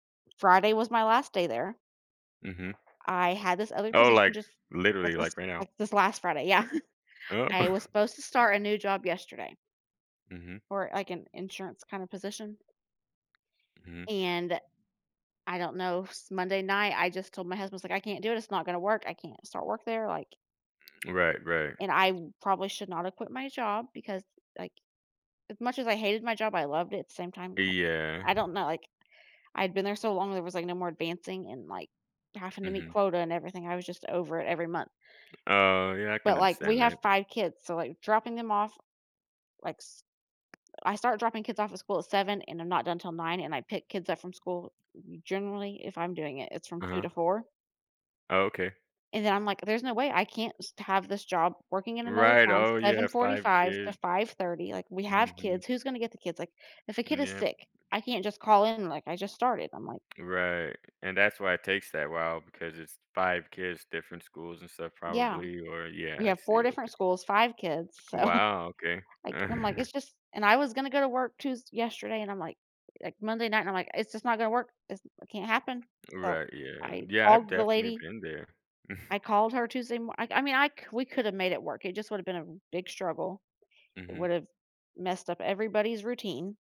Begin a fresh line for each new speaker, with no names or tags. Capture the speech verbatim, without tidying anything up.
Friday was my last day there
Mhm.
I had this other
Oh,
position
like,
just like
literally,
this
like, right now.
like this last Friday. Yeah.
Oh.
I was supposed to start a new job yesterday
Mhm.
for, like, an insurance kinda position.
Mhm.
And I don't know. S Monday night, I just told my husband, was, like, "I can't do this, it's not gonna work, I can't start work there," like
M right, right.
and I probably should not have quit my job because, like, as much as I hated my job, I loved it same time, now.
Yeah.
I don't know, like, I'd been there so long there was, like, no more advancing and, like, having to meet
Mhm.
quota and everything, I was just over it every month.
Oh, yeah, I can
But, like, we
understand
have
that.
five kids, so, like, dropping them off, like, s I start dropping kids off at school at seven, and I'm not done 'til nine, and I pick kids up from school, we generally if I'm doing it, it's from two
Uh-huh.
to four
Oh, okay.
and then I'm, like, "There's no way. I can't s have this job working in another
Right,
town,
oh, you
seven
have five
forty-five to
kids.
five thirty, like, we have
Mhm.
kids. Who's gonna get the kids? Like, if a kid
Mm,
is
yep.
sick, I can't just call in, like, I just started." I'm, like
Right, and that's why it takes that while because it's five kids, different schools and stuff
Yeah.
probably, or, yeah,
We
I
have
see,
four different
okay.
schools, five kids, so,
Wow, okay.
like, I'm, like, it's just and I was gonna go to work Tues yesterday, and I'm, like like, Monday night, I'm, like, "It's just not gonna work, It's it can't happen," so
Right, yeah,
I
yeah, I've
called the
definitely
lady
been there.
I called her Tuesday mor Iike, I mean I c we coulda made it work, it just would've been a big struggle. It
Mhm.
would've messed up everybody's routine.